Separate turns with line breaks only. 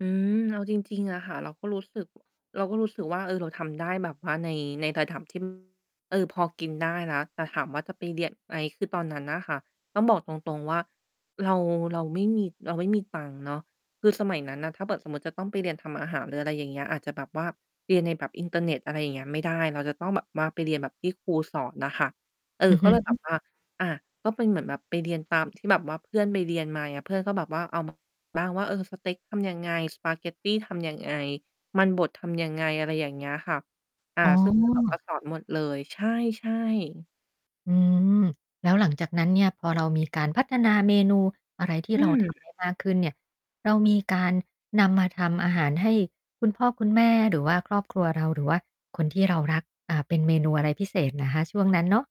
อืม เอาจริง ๆ อะค่ะ เราก็รู้สึก เราก็รู้สึกว่า เออ เราทำได้แบบว่าใน ใน ระดับ ที่ เออ พอกินได้แล้ว แต่ถามว่าจะไปเรียนไหม? คือตอนนั้นน่ะค่ะ ต้องบอกตรง ๆ ว่าเรา เราไม่มี เราไม่มีตังค์เนาะ คือสมัยนั้นน่ะ ถ้าแบบสมมุติจะต้องไปเรียนทำอาหาร หรืออะไรอย่างเงี้ย อาจจะแบบว่าเรียนในแบบอินเทอร์เน็ต อะไรอย่างเงี้ย ไม่ได้ เราจะต้องแบบว่าไปเรียนแบบที่ครูสอนน่ะค่ะ เออ
อือ
ก
ฮ
็เลยแบ
ึ
บว่า อา ก็เป็นเหมือนแบบไปเรียนตามที่แบบว่าเพื่อนไปเรียนมา อย่างเงี้ย เพื่อนก็แบบว่าเอา มา บ้างว่า เออ สเต็กทำยังไง? สปาเกตตี ทำยังไง? มันบดทำยังไง? อะไรอย่างเงี้ยค่ะ อา
อ๋
ซึ่ง เพื่อนแบบว่
อ
า สอนหมดเลย ใช่ ใช่
อือ แล้วหลังจากนั้นเนี่ย พอเรามีการพัฒนาเมนูอะไรที
อ
่
ื
เรา ทำ
ม
ได้ มากขึ้นเนี่ย เรามีการนำมาทำอาหารให้คุณพ่อคุณแม่ หรือว่าครอบครัวเรา หรือว่าคนที่เรารัก อา เป็นเมนูอะไรพิเศษนะคะ ช่วงนั้นเนาะ?